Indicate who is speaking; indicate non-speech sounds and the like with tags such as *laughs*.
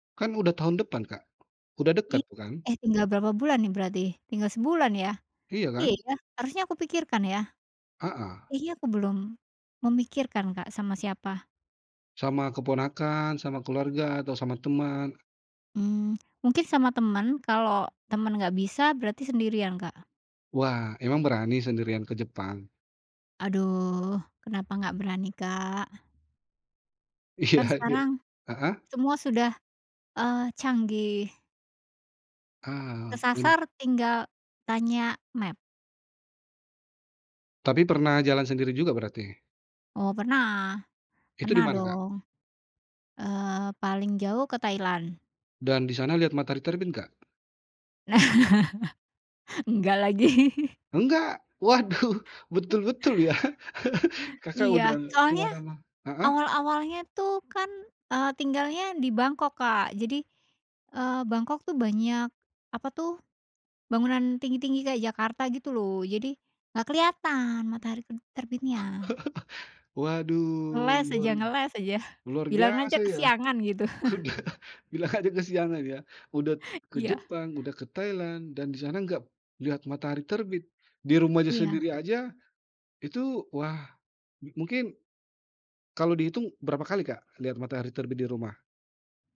Speaker 1: Kan udah tahun depan, Kak, udah dekat
Speaker 2: Ih.
Speaker 1: bukan?
Speaker 2: Eh tinggal berapa bulan nih berarti? Tinggal sebulan ya?
Speaker 1: Iya
Speaker 2: Iya
Speaker 1: kan?
Speaker 2: ya harusnya aku pikirkan ya?
Speaker 1: Heeh.
Speaker 2: Iya aku belum, memikirkan Kak sama siapa.
Speaker 1: Sama keponakan, sama keluarga, atau sama teman?
Speaker 2: Hmm, mungkin sama temen, kalau temen enggak bisa berarti sendirian, Kak.
Speaker 1: Wah, emang berani sendirian ke Jepang?
Speaker 2: Aduh, kenapa enggak berani, Kak?
Speaker 1: Iya
Speaker 2: Kan
Speaker 1: iya,
Speaker 2: sekarang
Speaker 1: heeh?
Speaker 2: semua sudah, eee, canggih.
Speaker 1: Ah, nyem
Speaker 2: Kesasar tinggal tanya maps.
Speaker 1: Tapi pernah jalan sendiri juga berarti?
Speaker 2: Oh pernah,
Speaker 1: Itu di
Speaker 2: pernah
Speaker 1: mana, Kak?
Speaker 2: dong. Eee, paling jauh ke Thailand.
Speaker 1: Dan di sana lihat matahari terbit enggak?
Speaker 2: *laughs* Enggak lagi. *chuckles*
Speaker 1: Nggak? Waduh, *chuckles* betul-betul ya, *chuckles* Kakak udah
Speaker 2: Iya,
Speaker 1: ke
Speaker 2: soalnya
Speaker 1: mana-ma heeh.
Speaker 2: awal-awalnya tuh kan, eee, tinggalnya di Bangkok, Kak, jadi, eee, Bangkok tuh banyak apa tuh, bangunan tinggi-tinggi kayak Jakarta gitu loh, jadi nggak kelihatan matahari ter terbitnya.
Speaker 1: *chuckles* Waduh
Speaker 2: Ngeles
Speaker 1: luar
Speaker 2: aja ngeles aja,
Speaker 1: luar
Speaker 2: bilang aja
Speaker 1: biasa ya.
Speaker 2: kesiangan gitu. *chuckles*
Speaker 1: *chuckles* Bilang aja kesiangan ya. Udah ke
Speaker 2: Iya.
Speaker 1: Jepang, udah ke Thailand, dan di sana nggak lihat matahari terbit, di rumahnya
Speaker 2: Iya.
Speaker 1: sendiri aja itu wah, mungkin kalau dihitung berapa kali, Kak, lihat matahari terbit di rumah?